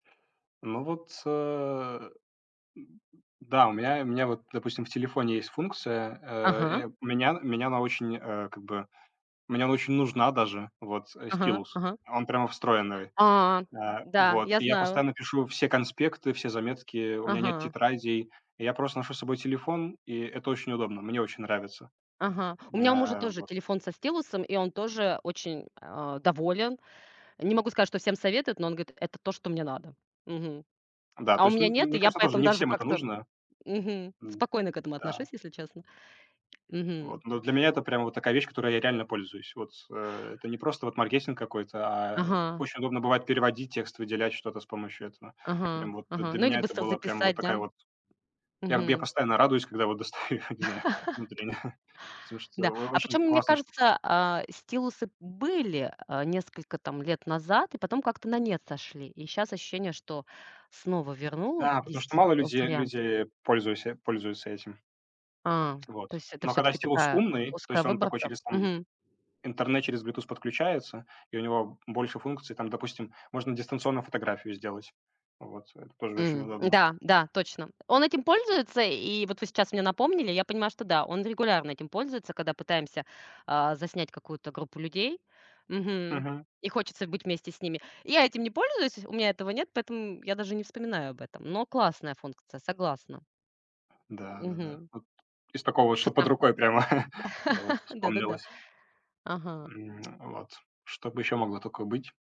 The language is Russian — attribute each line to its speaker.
Speaker 1: Ну вот, а, да, у меня у меня вот, допустим, в телефоне есть функция, а,
Speaker 2: Ага.
Speaker 1: э, у меня меня она очень, э, как бы мне очень нужна даже вот, э,
Speaker 2: Ага
Speaker 1: стилус.
Speaker 2: ага.
Speaker 1: Он прямо встроенный.
Speaker 2: А,
Speaker 1: А,
Speaker 2: да,
Speaker 1: вот.
Speaker 2: я
Speaker 1: И я
Speaker 2: знаю.
Speaker 1: постоянно пишу все конспекты, все заметки, у меня нет
Speaker 2: Ага.
Speaker 1: тетрадей. Я просто ношу с собой телефон, и это очень удобно. Мне очень нравится.
Speaker 2: Ага, у меня у мужа
Speaker 1: А,
Speaker 2: тоже
Speaker 1: вот.
Speaker 2: телефон со стилусом, и он тоже очень, а, доволен. Не могу сказать, что всем советует, но он говорит: "Это то, что мне надо". Мгм.
Speaker 1: Да,
Speaker 2: А
Speaker 1: то
Speaker 2: у
Speaker 1: есть,
Speaker 2: меня
Speaker 1: м
Speaker 2: нет, и
Speaker 1: мне
Speaker 2: я
Speaker 1: кажется, тоже
Speaker 2: поэтому
Speaker 1: не
Speaker 2: даже
Speaker 1: всем это
Speaker 2: как-то, м,
Speaker 1: нужно,
Speaker 2: мгм,
Speaker 1: м,
Speaker 2: спокойно к этому отношусь,
Speaker 1: да.
Speaker 2: если честно, мгм.
Speaker 1: Вот, ну, для меня это прям вот такая вещь, которой я реально пользуюсь, вот, а. Это не просто вот маркетинг какой-то, а
Speaker 2: Ага.
Speaker 1: очень удобно бывает переводить текст, выделять что-то с помощью этого
Speaker 2: Ага
Speaker 1: прям вот.
Speaker 2: ага.
Speaker 1: Для
Speaker 2: Ну или
Speaker 1: меня это
Speaker 2: быстро
Speaker 1: было прям вот
Speaker 2: записать, да?
Speaker 1: такая вот Я я
Speaker 2: Мгм.
Speaker 1: постоянно радуюсь, когда вот достаю, не знаю, внутренне, потому что
Speaker 2: Да.
Speaker 1: о
Speaker 2: А
Speaker 1: очень
Speaker 2: почем, мне
Speaker 1: классная штука.
Speaker 2: кажется, а, стилусы были, а, несколько там лет назад, и потом как-то на нет сошли. И щас ощущение, что снова
Speaker 1: Да, потому что
Speaker 2: вернулись, э,
Speaker 1: мало людей
Speaker 2: варианты.
Speaker 1: люди пользуйся пользуются этим.
Speaker 2: А,
Speaker 1: Вот.
Speaker 2: то есть это
Speaker 1: Но когда
Speaker 2: всё-таки
Speaker 1: стилус
Speaker 2: такая, э,
Speaker 1: умный, то
Speaker 2: узкая
Speaker 1: есть, он такой
Speaker 2: выборка,
Speaker 1: через, там,
Speaker 2: мгм.
Speaker 1: интернет, через Bluetooth подключается, и у него больше функций. Там, допустим, можно дистанционно фотографию сделать. Вот, это тоже очень
Speaker 2: М,
Speaker 1: удобно.
Speaker 2: м-да, да, точно. Он этим пользуется, и вот вы сейчас мне напомнили. Я понимаю, что да, он регулярно этим пользуется, когда пытаемся, а, заснять какую-то группу людей, мгм.
Speaker 1: Мгм.
Speaker 2: И хочется быть вместе с ними. Я этим не пользуюсь, у меня этого нет, поэтому я даже не вспоминаю об этом. Но классная функция, согласна.
Speaker 1: Да да да.
Speaker 2: Мгм.
Speaker 1: Вот из такого, что под
Speaker 2: Фотоп
Speaker 1: рукой, прямо. Вот,
Speaker 2: Да да да.
Speaker 1: вспомнилось.
Speaker 2: Ага.
Speaker 1: М, вот. Чтобы ещё могло только быть?